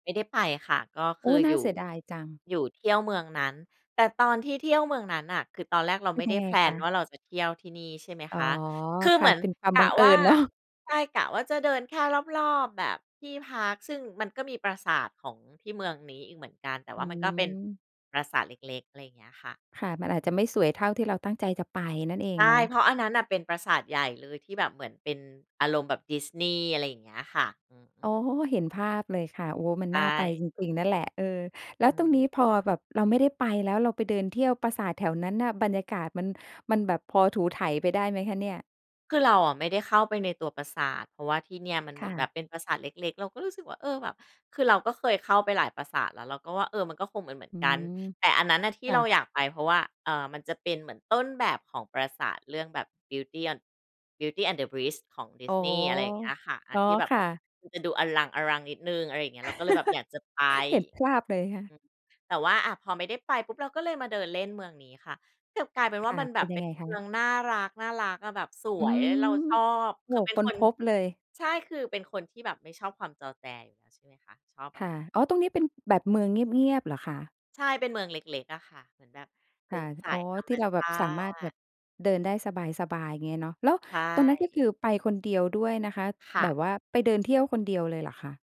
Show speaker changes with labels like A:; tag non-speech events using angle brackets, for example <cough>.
A: ไม่ได้ไปค่ะ ก็
B: โ
A: ค
B: อ้
A: ือ
B: น่
A: อ
B: า
A: ยู
B: เ
A: ่
B: สียดายจัง
A: อยู่เที่ยวเมืองนั้น แต่ตอนที่เที่ยวเมืองนั้นน่ะ คือตอนแรกเรา
B: เป็
A: ไ
B: น
A: ม่
B: ย
A: ไ
B: ั
A: ด้
B: งไง
A: แพล
B: ค
A: น
B: ะ?
A: ว่า เราจะเที่ยวที่นี่ ใช่ไหม
B: อ๋
A: ค
B: อ
A: ะ คือ
B: ค
A: เห
B: ่
A: ม
B: ะ
A: ือน
B: เป็นความ
A: ก
B: บั
A: ะ
B: งเอ
A: ว
B: ิ
A: ่า
B: ญ เนาะ
A: ใช่ กะว่าจะเดินแค่รอบ ๆ แบบที่พาร์ก ซึ่งมันก็มีปราสาทของที่เมืองนี้อีกเหมือนกัน แต่
B: อ
A: ว
B: ื
A: ่ามันก็เป็น
B: ม
A: ปราสาทเล็ก ๆ อะไรอย่างเงี้ยค่ะ
B: ค่ะ มันอาจ
A: อื
B: จะ
A: ม
B: ไม่สวยเท่าที่เราตั้งใจจะไปนั่นเอ
A: ใ
B: ง
A: ช
B: เ
A: ่
B: นา
A: เ
B: ะ
A: พราะอันนั้นน่ะ เป็นปราสาทใหญ่เลยที่แบบเหมือนเป็นอารมณ์แบบดิสนีย์ อะไรอย่างเงี้ยค่ะ อือฮึ
B: อ๋อ เห็นภาพเลยค่ะ โอ้ มั
A: ใ
B: น
A: ช
B: น่าไป
A: ่
B: จริง ๆ นั่นแหละ เออ แล้
A: อ
B: ว
A: ื
B: ตรงนี
A: ม
B: ้พอแบบเราไม่ได้ไปแล้ว เราไปเดินเที่ยวปราสาทแถวนั้นน่ะ บรรยากาศมัน มันแบบพอถูไถไปได้ไหมคะเนี่ย?
A: คือเราอะไม่ได้เข้าไปในตัวปราสาท เพราะว่าที่เนี่ยมันเ
B: ค
A: หมื
B: ่
A: อนแบบ
B: ะ
A: เป็นปราสาทเล็ก ๆ เราก็รู้สึกว่า เออ แบบ คือเราก็เคยเข้าไปหลายปราสาทแล้ว เราก็ว่า เออ มันก็คงเหมือ
B: อ
A: น
B: ื
A: ๆ กัน
B: ม
A: แต่อันนั้นน่ะที
B: ค
A: ่
B: ่
A: เรา
B: ะ
A: อยากไป เพราะว่า เอ่อ มันจะเป็นเหมือนต้นแบบของปราสาทเรื่องแบบ Beauty and Beauty and The Beast ของดิ
B: อ๋
A: ส
B: อ
A: นีย์ อะไรอย่างเงี้ยค่ะ อั
B: อ๋
A: น
B: อ
A: ที่แบบ
B: ค่ะ
A: มันจะดูอลัง อลัง นิดหนึ่ง อะไรอย่างเงี้ย เราก็เลยแบบอยากจะไป
B: <laughs> เห็นภาพเลยค่
A: อ
B: ะ
A: ืม แต่ว่า อะ พอไม่ได้ไปปุ๊บ เราก็เลยมาเดินเล่นเมืองนี้ค่ะ กลับกลายเป็น
B: ค
A: ว่า
B: ่ะ
A: มันแบ
B: เป็
A: บ
B: นย
A: เ
B: ั
A: ป็
B: งไ
A: น
B: งค
A: เม
B: ะ?
A: ืองน่ารัก น่ารักอะแบบส
B: อื
A: วย
B: ม
A: เราชอบ
B: โอ
A: ค
B: ้
A: ือเป็น
B: ค้
A: ค
B: น
A: น
B: พบเลย
A: ใช่ คือเป็นคนที่แบบไม่ชอบความจอแจอยู่แล้ว ใช่ไหมคะ ชอบแบ
B: ค
A: บ
B: ่ะ อ๋อ ตรงนี้เป็นแบบเมืองเงียบ ๆ เหรอคะ?
A: ใช่ เป็นเมืองเล็ก ๆ อะคะ เหมือนแบบเ
B: ค
A: ป็
B: ่
A: น
B: ะ
A: สา
B: อ๋อ
A: ยธรร
B: ท
A: ม
B: ี่เรา
A: ช
B: แบบ
A: า
B: สามารถแบ
A: ติ
B: บเดินได้สบาย ๆ เงี้ยเนาะ แล้ว
A: ใช
B: ตอนนั้น ก็ค
A: ่
B: ือ ไปคนเดียวด้วยนะคะ
A: ค่
B: แบ
A: ะ
B: บว่าไปเดินเที่ยวคนเดียวเลยเหรอคะ?